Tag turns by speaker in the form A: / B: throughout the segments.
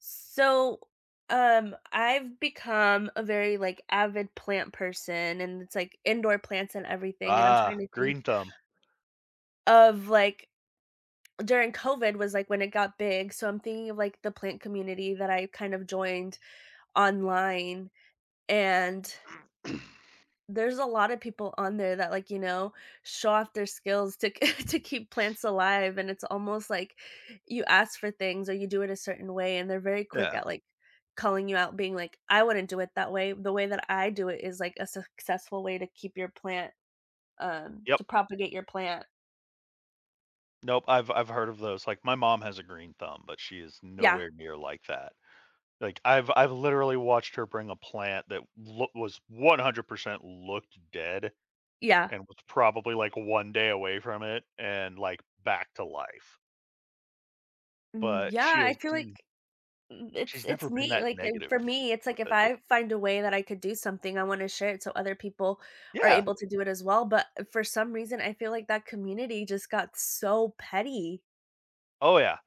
A: So, um, I've become a very, like, avid plant person, and it's like indoor plants and everything, and I'm
B: Ah,
A: trying to think
B: green thumb.
A: of like during COVID was, like, when it got big, so I'm thinking of like the plant community, that I kind of joined online and There's a lotta people on there that, like, you know, show off their skills to k to keep plants alive, and it's almost, like, you ask for things or you do it a certain way, and they're very quick
B: Yeah.
A: at, like, calling you out, being like, "I wouldn't do it that way, the way that I do it is, like, a successful way to keep your plant um, to
B: Yup.
A: propagate your plant."
B: Nope, I've I've heard of those, like, my mom has a green thumb, but she is
A: Yeah.
B: nowhere near like that. Like, I've I've literally watched her bring a plant that loo was 100% looked dead,
A: Yeah.
B: and was probably like one day away from it, and like back to life.
A: Mm,
B: But
A: yeah,
B: she
A: I
B: has
A: feel
B: hmm
A: like mm, it's
B: She's
A: it's
B: never been
A: neat,
B: that
A: like, and,
B: negative
A: for me, it's like
B: with
A: if
B: it.
A: I find a way that I could do something, I wanna share it so other people are
B: Yeah.
A: able to do it as well, but, uh, for some reason, I feel like that community just got so petty.
B: Oh yeah,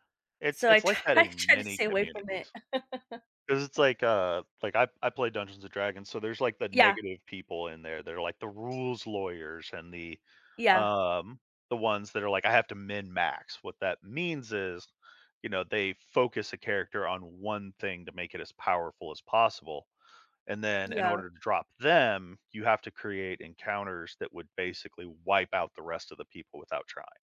B: it's
A: So I
B: it's like that
A: try
B: in
A: try to
B: many
A: stay away from it.
B: communities. 'Cause it's like, uh, like I I play Dungeons and Dragons, so there's like the
A: Yeah.
B: negative people in there, they're like the rules lawyers and the,
A: Yeah.
B: um, the ones that are like, "I have to mend max," what that means is, you know, they focus a character on one thing to make it as powerful as possible, and then in
A: Yeah.
B: order to drop them, you have to create encounters that would basically wipe out the rest of the people without trying.